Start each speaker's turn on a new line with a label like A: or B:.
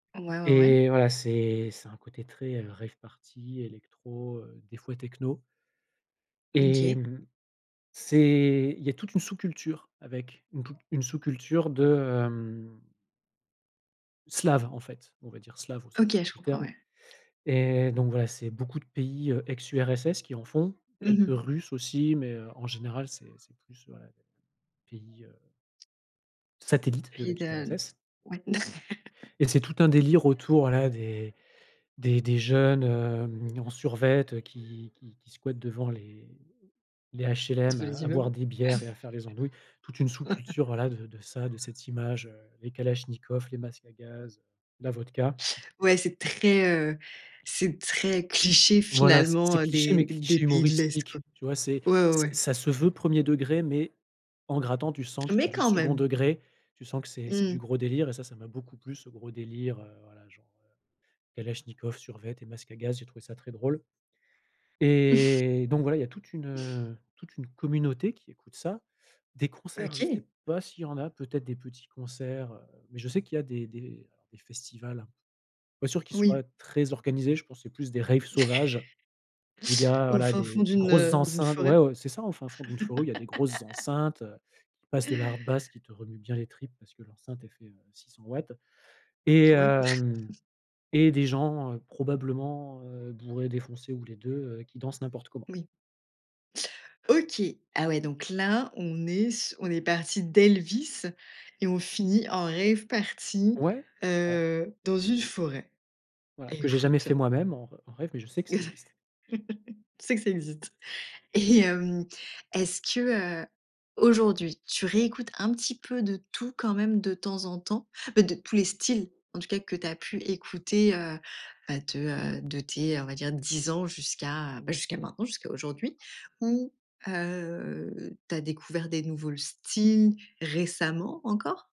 A: Ouais, ouais, ouais.
B: Et voilà, c'est c'est un côté très, heu, rave party, électro, heu, des fois techno.
A: Mmh,
B: Et
A: OK.
B: mmh, c'est il y a toute une sous-culture avec, une tou une sous-culture de, hem slave, en fait, on va dire slave au sens
A: OK,
B: large
A: je
B: du
A: comprends,
B: terme,
A: ouais.
B: et donc voilà, c'est beaucoup de pays, heu, ex-URSS qui en font,
A: Mmh
B: quelques
A: mh.
B: Russes aussi, mais heu, en général, c'est c'est plus, heu, pays, heu satellites de
A: Puis de
B: l'ex-URSS.
A: ouais.
B: Et c'est tout un délire autour, voilà, des des des jeunes, hem, en survêt, heu, qui qui qui squattent devant les les
A: Tous
B: HLM, à
A: les
B: à boire
A: immeubles.
B: des bières et à faire les andouilles, toute une sous-culture, voilà, de de ça, de cette image, heu, les kalachnikovs, les masques à gaz, la vodka.
A: Ouais c'est très, heu, c'est très cliché,
B: Voilà, c'est c'est
A: finalement, heu,
B: cliché, mais
A: des des
B: cliché
A: pays de l'est, quoi
B: humoristique, tu vois, c'est
A: ouais, ouais,
B: c'est
A: ouais.
B: ça se veut 1er degré, mais, en grattant, tu sens que c'est
A: Mais
B: du
A: quand
B: 2d
A: même!
B: degré, tu sens que c'est c'est du
A: Mmh.
B: gros délire, et ça, ça m'a beaucoup plus ce gros délire, heu, voilà genre, heu, kalachnikov, survêt et masque à gaz, j'ai trouvé ça très drôle, et donc voilà, il y a toute une, heu, toute une communauté qui écoute ça. Des concerts, je
A: OK!
B: sais pas s'il y en a, peut-être des petits concerts, heu, mais je sais qu'il y a des des, heu, des festivals, pas sûr qu'ils
A: Oui.
B: soient très organisés, je pense c'est plus des raves sauvages où il y a,
A: Au
B: voilà,
A: fin
B: des
A: fond
B: des
A: d'une,
B: grosses
A: heu, d'une
B: enceintes
A: forêt.
B: ouais, ouais, c'est ça, au fin fond d'une forêt, ou il y a des grosses enceintes, heu, qui passent de la hardbass qui te remue bien les tripes, parce que l'enceinte elle fait, heu, 600 watts et
A: Ouais.
B: hem, et des gens, heu, probablement, heu, bourrés, défoncés, ou les 2, heu, qui dansent n'importe comment.
A: Oui. OK. Ah ouais, donc là, on est s on est parti d'Elvis et on finit en rave party,
B: Ouais, c'est ça.
A: heu, dans une forêt.
B: Voilà, que j'ai jamais
A: Écoute.
B: fait moi-même en en rave, mais je sais que ça existe.
A: Tu sais que ça existe. Et hem, est-ce que, heu, aujourd'hui, tu réécoutes un petit peu de tout, quand même, de temps en temps? Beh, de tous les styles, en tout cas, que tu as pu écouter, heu, bah, de, heu, de tes, on va dire, 10 ans jusqu'à bah, jusqu'à maintenant, jusqu'à aujourd'hui ou heu, tu as découvert des nouveaux styles, récemment, encore?